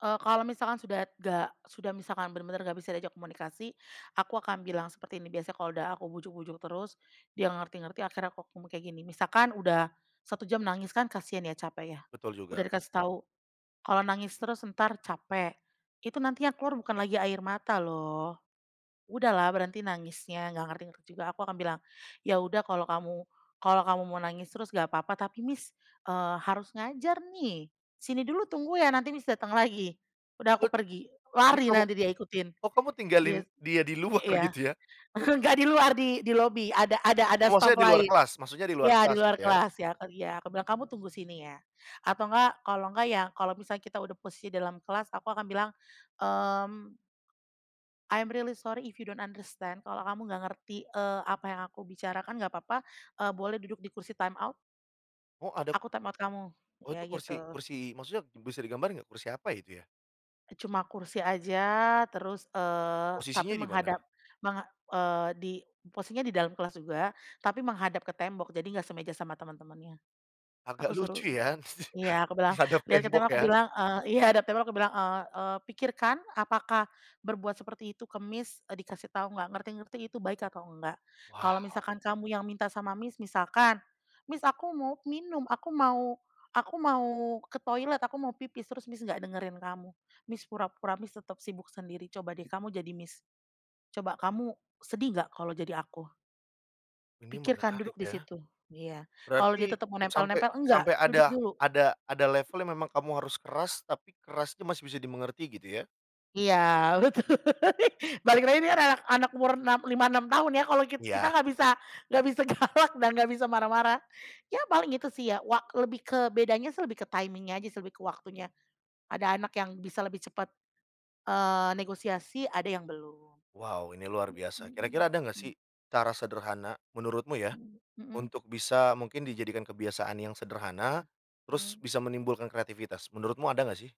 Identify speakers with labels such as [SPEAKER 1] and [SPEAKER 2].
[SPEAKER 1] Eee, kalau misalkan sudah nggak sudah misalkan bener-bener nggak bisa diajak komunikasi, aku akan bilang seperti ini biasanya, kalau udah aku bujuk-bujuk terus, dia nggak ngerti-ngerti, akhirnya aku ngomong kayak gini. Misalkan udah 1 jam nangis, kan kasian ya, capek ya.
[SPEAKER 2] Betul
[SPEAKER 1] Udah
[SPEAKER 2] juga.
[SPEAKER 1] dikasih tau, "Kalau nangis terus entar capek, itu nantinya keluar bukan lagi air mata loh. Udahlah berhenti nangisnya!" Nggak ngerti-ngerti juga. Aku akan bilang, "ya udah kalau kamu kalau kamu mau nangis terus nggak papa, tapi Miss, eee, harus ngajar nih. Sini dulu tunggu ya, nanti Miss, dateng lagi." Udah aku
[SPEAKER 2] Bet
[SPEAKER 1] pergi,
[SPEAKER 2] ini
[SPEAKER 1] lari
[SPEAKER 2] kamu
[SPEAKER 1] nanti dia ikutin,
[SPEAKER 2] oh, kamu tinggalin
[SPEAKER 1] gitu.
[SPEAKER 2] dia di luar
[SPEAKER 1] Iya,
[SPEAKER 2] gitu ya?
[SPEAKER 1] nggak di luar, di di lobi ada ada ada
[SPEAKER 2] Oh,
[SPEAKER 1] staff
[SPEAKER 2] maksudnya di luar
[SPEAKER 1] lain.
[SPEAKER 2] kelas maksudnya di luar
[SPEAKER 1] Ya, di
[SPEAKER 2] kelas, gitu
[SPEAKER 1] luar
[SPEAKER 2] ya.
[SPEAKER 1] kelas ya, kan iya. Aku bilang, "Kamu tunggu sini ya!" atau nggak kalau nggak, ya kalau misalnya kita udah posisi dalam kelas aku akan bilang, mmm, "I'm really sorry if you don't understand." Kalau kamu nggak ngerti, eee, apa yang aku bicarakan, nggak papa. Eee, boleh duduk di kursi time out.
[SPEAKER 2] Oh,
[SPEAKER 1] Iya,
[SPEAKER 2] ada
[SPEAKER 1] aku time out kamu.
[SPEAKER 2] Oh,
[SPEAKER 1] Iya,
[SPEAKER 2] itu
[SPEAKER 1] gitu.
[SPEAKER 2] kursi kursi maksudnya bisa digambar nggak, kursi apa ya, itu ya?
[SPEAKER 1] Eee, cuma kursi aja, terus, eee, tapi
[SPEAKER 2] Posisinya di mana?
[SPEAKER 1] menghadap menga eee, di posisinya di dalam kelas juga, tapi menghadap ke tembok. Jadi nggak semeja sama temen-temennya. Aku
[SPEAKER 2] Agak
[SPEAKER 1] suruh
[SPEAKER 2] lucu ya?
[SPEAKER 1] iya, aku bilang,
[SPEAKER 2] Menghadap
[SPEAKER 1] "Lihat ke
[SPEAKER 2] tembok
[SPEAKER 1] tembok," aku
[SPEAKER 2] ya?
[SPEAKER 1] bilang, eee iya, hadap tembok aku bilang, eee eee, "Pikirkan, apakah berbuat seperti itu ke Miss, eee, dikasih tahu nggak ngerti-ngerti, itu baik atau nggak? Kalau
[SPEAKER 2] Wow.
[SPEAKER 1] misalkan kamu yang minta sama Miss, misalkan Miss, aku mau minum, aku mau aku mau ke toilet, aku mau pipis, terus Miss, nggak dengerin kamu, Miss, pura-pura Miss, tetap sibuk sendiri. Coba deh kamu jadi Miss, coba kamu sedih nggak, kalau jadi aku?"
[SPEAKER 2] Ini
[SPEAKER 1] "Pikirkan, duduk
[SPEAKER 2] menarik
[SPEAKER 1] di
[SPEAKER 2] ya.
[SPEAKER 1] situ" iya, kalau dia
[SPEAKER 2] Berarti
[SPEAKER 1] tetep mau
[SPEAKER 2] sampai
[SPEAKER 1] nempel-nempel, "Nggak!
[SPEAKER 2] sampai
[SPEAKER 1] Duduk
[SPEAKER 2] ada
[SPEAKER 1] dulu."
[SPEAKER 2] ada ada level memang kamu harus keras, tapi keras itu masih bisa dimengerti gitu ya?
[SPEAKER 1] Iya, betul. Balik lagi dia anak anak umur 6, 5, 6 tahun ya. Kalo kit kita
[SPEAKER 2] Iya.
[SPEAKER 1] nggak bisa nggak bisa galak dan nggak bisa marah-marah. Ya paling gitu sih ya, wa lebih ke bedanya sih, ke timing-nya aja, lebih ke waktunya. Ada anak yang bisa lebih cepet, eee, negosiasi, ada yang belum.
[SPEAKER 2] Wow! Ini luar biasa, kira-kira
[SPEAKER 1] Mhm
[SPEAKER 2] ada enggak
[SPEAKER 1] mhm.
[SPEAKER 2] sih, cara sederhana, menurutmu ya,
[SPEAKER 1] Mhm mhm.
[SPEAKER 2] untuk bisa mungkin dijadikan kebiasaan yang sederhana, terus
[SPEAKER 1] Mhm.
[SPEAKER 2] bisa menimbulkan kreativitas, menurutmu ada enggak sih?